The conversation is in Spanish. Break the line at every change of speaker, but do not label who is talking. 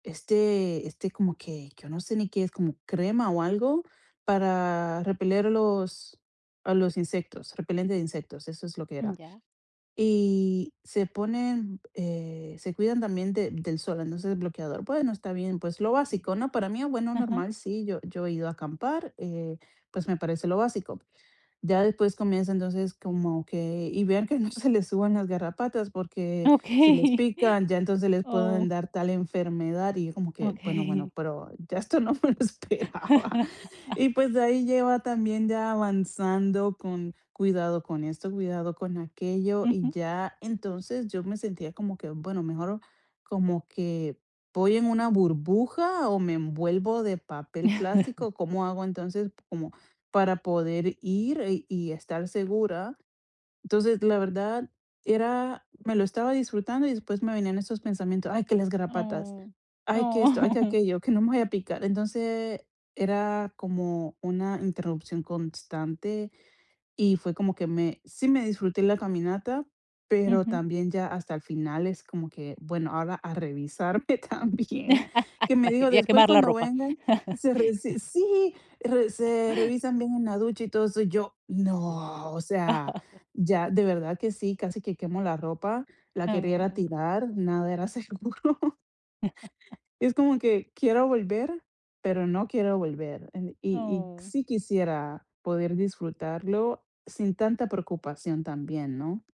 Este este, como que, que yo no sé ni qué es, como crema o algo, para repeler a los a los insectos, repelente de insectos, eso es lo que
Mm,
era.
ya.
Y se ponen, eh, se cuidan también de del sol, entonces, el bloqueador. Bueno, está bien. Pues lo básico, ¿no? Para mí, bueno,
Ajá.
normal, sí, yo yo he ido a acampar, eh, pues me parece lo básico. Ya después comienza, entonces, como que: "Y vean que no se le suban las garrapatas, porque, si les
Okey.
pican, ya entonces les
Oh.
pueden dar tal enfermedad", y yo como que: "Bueno,
Okey.
bueno, pero ya esto no me lo esperaba". Y, pues, de ahí lleva también ya avanzando con: "Cuidado con esto, cuidado con aquello", y
Ujú.
ya, entonces, yo me sentía como que: "Bueno, mejor como que voy en una burbuja o me envuelvo de papel plástico". "¿Cómo hago, entonces, como para poder ir, eh, y estar segura?" Entonces, la verdad, era me lo estaba disfrutando, y después me venían esos pensamientos: "Ay, que las garrapatas,
Oh.
ay, que esto, ay, que
Oh.
aquello, que no me vayan a picar". Entonces, era como una interrupción constante, y fue como que me sí me disfruté la caminata, pero
Ujú.
también ya hasta el final es como que: "Bueno, ahora a revisarme también". Que me dijo:
Y a
"Después
quemar la
cuando
ropa.
vengan, se re s sí, re se revisan bien en la ducha y todo eso". Y yo: "No o sea, ya", de verdad que sí, casi que quemo la ropa, la quería ir a
Oh.
tirar, nada era seguro. Es como que quiero volver, pero no quiero volver, eh, y y
Oh.
sí quisiera poder disfrutarlo sin tanta preocupación también, ¿no?